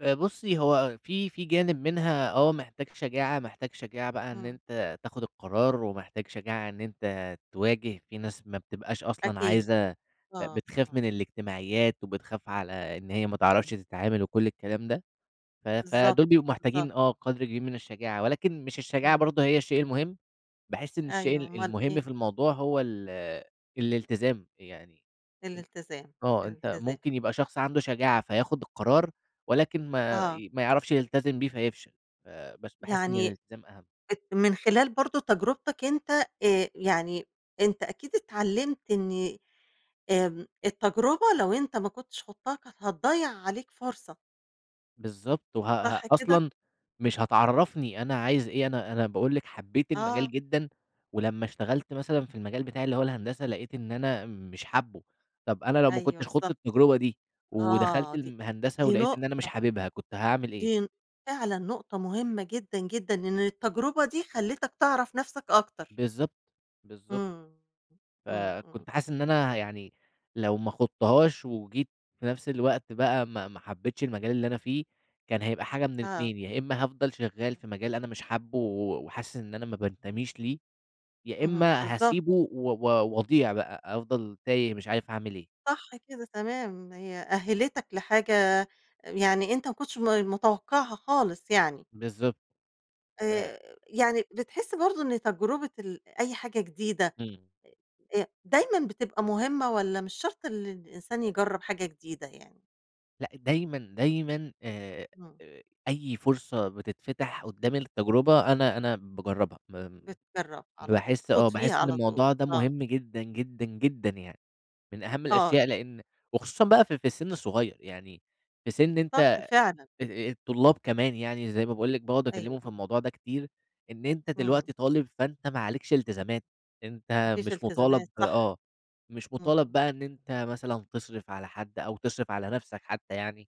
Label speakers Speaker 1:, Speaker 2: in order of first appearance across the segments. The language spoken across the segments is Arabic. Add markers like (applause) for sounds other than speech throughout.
Speaker 1: آآ، بُصّي، هو أ في في جانب منها آه محتاج شجاعة، محتاج شجاعة بقى إن
Speaker 2: امم.
Speaker 1: أنت تاخد القرار، ومحتاج شجاعة إن أنت تواجه في ناس ما بتبقاش أصلًا
Speaker 2: أكيد.
Speaker 1: عايزة أ
Speaker 2: آه،
Speaker 1: بتخاف من
Speaker 2: آه.
Speaker 1: الاجتماعيات وبتخاف على إن هي ما تعرفش تتعامل وكل الكلام ده، ف
Speaker 2: بالضبط.
Speaker 1: فدول بيبقوا
Speaker 2: بالضبط.
Speaker 1: محتاجين آه، قدر كبير من الشجاعة، ولكن مش الشجاعة
Speaker 2: إمم.
Speaker 1: برضو هي الشيء المهم، باحس إن الشيء
Speaker 2: أيوه،
Speaker 1: ال
Speaker 2: أومال
Speaker 1: المهم
Speaker 2: إيه؟
Speaker 1: في الموضوع هو ال الالتزام، يعني
Speaker 2: الالتزام،
Speaker 1: (unintelligible) آه، أنت
Speaker 2: الالتزام.
Speaker 1: ممكن يبقى شخص عنده شجاعة فياخد القرار، ولكن ما
Speaker 2: آه.
Speaker 1: ي ما يعرفش يلتزم بيه فيفشل فبس باحس إن
Speaker 2: يعني
Speaker 1: اللتزام أهَم.
Speaker 2: أت من خلال برضو تجربتك أنت آآ، يعني أنت أكيد اتعلمت إن آمم، التجربة لو أنت ما كنتش خُضتها كانت هتضيّع عليك فرصة.
Speaker 1: بالضبط، وها ها
Speaker 2: صح كده؟
Speaker 1: أصلًا مش هتعرّفني أنا عايز إيه، أنا أنا باقول لِك حبيت
Speaker 2: آه.
Speaker 1: المجال جدًا، ولمّا اشتغلت مثلًا في المجال بتاعي اللي هو الهندسة لقيت إن أنا مش حابه، طب أنا لو ما
Speaker 2: أيوه
Speaker 1: كنتش خُضت
Speaker 2: بالضبط،
Speaker 1: التجربة دي ودخلت
Speaker 2: آه، دي
Speaker 1: الم هندسة
Speaker 2: دي
Speaker 1: ولقيت إن أنا مش
Speaker 2: نقطة
Speaker 1: حاببها كنت هاعمل إيه؟
Speaker 2: دي ن فعلًا نقطة مهمة جدًا، جدًا، إن التجربة دي خلّيتك تعرف نفسك أكتر.
Speaker 1: بالضبط. بالضبط.
Speaker 2: إمم. إمم، إمم.
Speaker 1: فكنت حاسس إن أنا ه يعني لو ما خُضتهاش، وجيت في نفس الوقت بقى ما ما حبيتش المجال اللي أنا فيه، كان هيبقى حاجة من
Speaker 2: آه.
Speaker 1: الإتنين يا إمّا هافضل شغال في مجال أنا مش حابه و وحاسس إن أنا ما بانتميش ليه، يا
Speaker 2: اهم،
Speaker 1: إمّا
Speaker 2: بالضبط.
Speaker 1: هاسيبه و و واضيع بقى، أفضل تايه مش عارف هاعمل إيه.
Speaker 2: صح كده تمام، هي أهّلتك لحاجة أ يعني أنت ما كنتش ما ما متوقعها خالص يعني.
Speaker 1: بالضبط. ف
Speaker 2: آآ، يعني بتحس برضه إن تجربة ال أي حاجة جديدة
Speaker 1: إمم.
Speaker 2: آآ، آآ، دايمًا بتبقى مهمة، والّا مش شرط اللي الإنسان يجرّب حاجة جديدة يعني؟
Speaker 1: لأ، دايمًا، دايمًا، آآ،
Speaker 2: إمم.
Speaker 1: آآ، أي فرصة بتتفتح قدّامي التجربة أنا أنا باجرّبها، مام
Speaker 2: بتترّب على طول،
Speaker 1: باحس
Speaker 2: تخوض
Speaker 1: آه
Speaker 2: فيها
Speaker 1: باحس إن
Speaker 2: على طول،
Speaker 1: الموضوع ده
Speaker 2: آه.
Speaker 1: مهم جدًا، جدًا، جدًا، يعني من أهَم
Speaker 2: آه
Speaker 1: الأشياء،
Speaker 2: ي
Speaker 1: لإن وخصوصًا بقى في في السن الصغيّر يعني في سن أنت
Speaker 2: صح
Speaker 1: آآ،
Speaker 2: فعلًا.
Speaker 1: آآ، الطلاب كمان يعني زي ما باقول لِك باقعُد
Speaker 2: أيوه.
Speaker 1: اكلمهم في الموضوع ده كتير، إن أنت
Speaker 2: إمم.
Speaker 1: دلوقتي طالب فأنت ما عليكش إلتزامات،
Speaker 2: ما
Speaker 1: أنت
Speaker 2: فيش
Speaker 1: مش
Speaker 2: التزامات
Speaker 1: مطالب
Speaker 2: صح.
Speaker 1: آه، مش مطالب
Speaker 2: إمم.
Speaker 1: بقى إن أنت مثلًا تصرف على حد أو تصرف على نفسك حتى يعني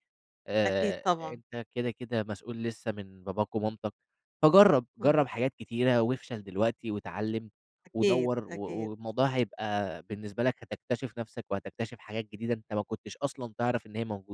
Speaker 2: أكيد
Speaker 1: آآ،
Speaker 2: طبعًا.
Speaker 1: أنت كده كده مسؤول لسه من باباك ومامتك، فجرّب
Speaker 2: إمم.
Speaker 1: جرّب حاجات كتيرة وافشل دلوقتي واتعلم
Speaker 2: أكيد،
Speaker 1: ودوّر و و
Speaker 2: أكيد.
Speaker 1: والموضوع هيبقى بالنسبة لك هتكتشف نفسك، وهتكتشف حاجات جديدة، أنت ما كنتش أصلًا تعرف إن هي موجودة.